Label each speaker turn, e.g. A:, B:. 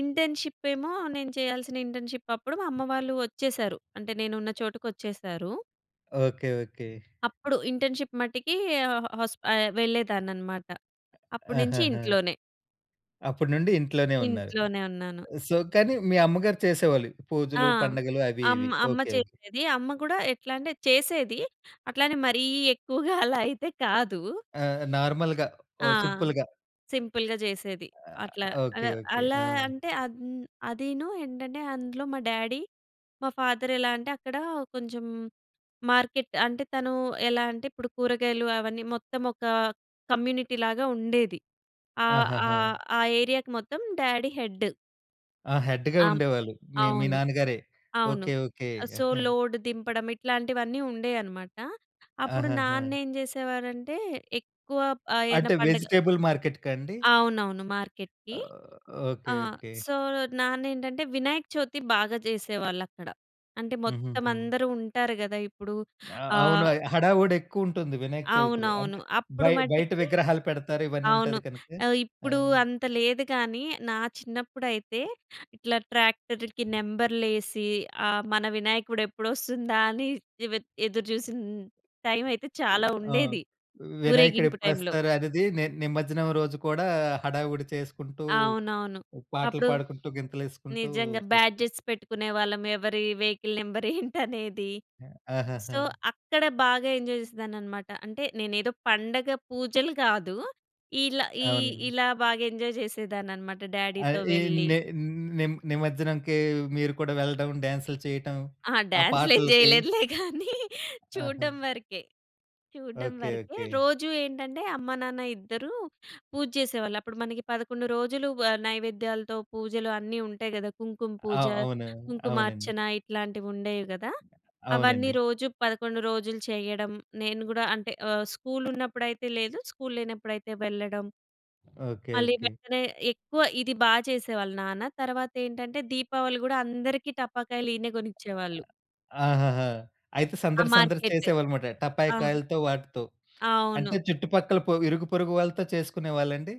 A: Internship ఏమో నేను చేయాల్సిన ఇంటర్న్‌షిప్ అప్పుడు, మా అమ్మ వాళ్ళు ఒచ్చేసారు. అంటే నేను ఉన్న చోటుకొచ్చేసారు.
B: ఓకే. ఓకే.
A: అప్పుడు ఇంటర్న్‌షిప్ మట్టికి ఆహ్, హాస్ప ఆహ్, వెళ్ళేదాన్ని అన్నమాట. అప్పటి నుంచి
B: ఆహహా!
A: ఇంట్లోనే.
B: అప్పుడు నుండి ఇంట్లోనే ఉన్నారు.
A: ఇంట్లోనే ఉన్నాను.
B: సో, కానీ మీ అమ్మగారు చేసేవాళ్ళు
A: ఆ!
B: పూజలు, పండుగలు అవి
A: అమ్మ,
B: ఇవి.
A: అమ్మ
B: ఓకే. ఓకే.
A: చేసేది. అమ్మ గూడా ఎట్లా అంటే, చేసేది అట్లానే మరీ ఎక్కువగా అలా అయితే కాదు.
B: ఆ నార్మల్‌గా ఓ
A: ఆ!
B: సింపుల్‌గా.
A: సింపుల్‌గా జేసేది.
B: ఆహ్,
A: అట్లా అల
B: ఓకే. ఓకే.
A: అలా
B: ఆ!
A: అంటే, అంద్ అదీను ఏంటంటే, అందులో మా డ్యాడీ మా ఫాదర్ ఎలా అంటే, అక్కడ కొంచెం మార్కెట్ అంటే తను ఎలా అంటే, ఇప్పుడు కూరగాయలు అవన్నీ మొత్తం ఒక కమ్యూనిటీ లాగా ఉండేది. ఆహ్,
B: ఆహాహా!
A: ఆహ్, ఆహ్, ఏరియాకి మొత్తం డ్యాడీ హెడ్.
B: ఆ! హెడ్‌గా
A: ఆ! హ్మ్.
B: ఉండేవాళ్ళు. మీ మీ
A: అవును.
B: నాన్నగారే.
A: అవును.
B: ఓకే. ఓకే.
A: సో,
B: ఆహా!
A: లోడ్ దింపడం, ఇట్లాంటివన్నీ ఉండేయన్నమాట. అప్పుడు
B: ఆహాహా!
A: నాన్నేం జేసేవారంటే, ఎక్కువ ఆహ్, ఏదన
B: అంటే
A: పండగ
B: వెజిటబుల్ మార్కెట్‌కా అండి?
A: అవునవును మార్కెట్‌కి.
B: ఓహ్!
A: ఆ!
B: ఓకే. ఓకే.
A: సో, నాన్నేంటంటే, వినాయక చవితి బాగా జేసేవాళ్ళక్కడ. అంటే మొత్తం
B: హుహుహు.
A: అందరూ ఉంటారు గదా! ఇప్పుడు
B: ఆ! అవును.
A: ఆహ్
B: హడావుడి ఎక్కువుంటుంది. వినాయక చవితిలో.
A: అవునవును.
B: అంటే
A: అప్పుడు
B: బయ బయట
A: మట్టికి
B: విగ్రహాలు పెడతారు. ఇవన్నీ
A: అవును.
B: ఉంటది కనక.
A: ఆహ్,
B: ఆ!
A: ఇప్పుడు అంత లేదు గానీ, నా చిన్నప్పుడైతే ఇట్లా ట్రాక్టర్‌కి నంబర్‌లేసి ఆహ్, మన వినాయకుడు ఎప్పుడొస్తుందా అని దివేద్ ఎదురుజూసిన టైమైయితే
B: ఎ
A: చాలా
B: ఆ!
A: ఉండేది.
B: వినాయకుడు
A: ఊరేగింపు టైంలో.
B: ఎప్పుడొస్తారనేది నే నిమజ్జనం రోజు కూడా హడావుడి చేసుకుంటూ,
A: అవునవును.
B: పాటలు
A: అప్పుడు
B: పాడుకుంటూ, గింతలు ఎసుకుంటూ
A: నిజంగా
B: చేస్తారు.
A: బ్యాడ్జట్స్ పెట్టుకునేవాళ్ళం, ఎవరి వెహికల్ నంబర్ ఏంటనేది.
B: ఆ! ఆహాహా!
A: సో, అక్కడ బాగా ఎంజాయ్ జేసేదాన్నన్నమాట. అంటే నేనేదో పండగ పూజలు కాదు. ఇలా ఈ
B: అవునండి.
A: ఇలా బాగా ఎంజాయ్ జేసేదాన్నన్నమాట డ్యాడీతో
B: అయి
A: వెళ్ళి.
B: ని ని నిమజ్జనంకి మీరు కూడా వెళ్ళడం, డాన్స్‌లు చేయటం,
A: ఆ!
B: ఆ
A: డ్యాన్స్‌లు ఏం
B: పాటలకి.
A: జేయలేదులే గానీ,
B: ఆహా!
A: చూడ్డం వరకే. చూడ్డం
B: ఓకే.
A: వరకే.
B: ఓకే.
A: రోజు ఏంటంటే, అమ్మ-నాన్న ఇద్దరూ పూజ చేసేవాళ్ళు. అప్పుడు మనకి 11 రోజులు ఆహ్, నైవేద్యాలతో పూజలు అన్నీ ఉంటాయి గదా! కుంకుమ
B: ఆ!
A: పూజ,
B: అవును. అవునండి.
A: కుంకుమార్చన ఇట్లాంటివి ఉండేవి గదా! అవన్నీ
B: అవునండి.
A: రోజు 11 రోజులు చేయడం. నేను గూడా అంటే ఆహ్, స్కూలున్నప్పుడైతే లేదు, స్కూల్లేనప్పుడైతే వెళ్ళడం.
B: ఓకే.
A: మళ్ళీ
B: ఓకే.
A: వెంటనే ఎక్కువ ఇది బాగా చేసేవాళ్ళు నాన్న. తర్వాతేంటంటే, దీపావళి గూడా అందరికి టపాకాయలు ఈయనే గొనిచ్చేవాళ్ళు.
B: ఆ ఆహాహా! అయితే
A: ఆ!
B: సందడి, సందడి
A: మార్కెటు.
B: చేసేవాళ్ళన్నమాట. టపాయ
A: ఆ!
B: కాయలతో వాటితో. అంటే
A: అవును.
B: చుట్టుపక్కల పో ఇరుగుపొరుగు వాళ్ళతో చేసుకునేవాళ్ళండి?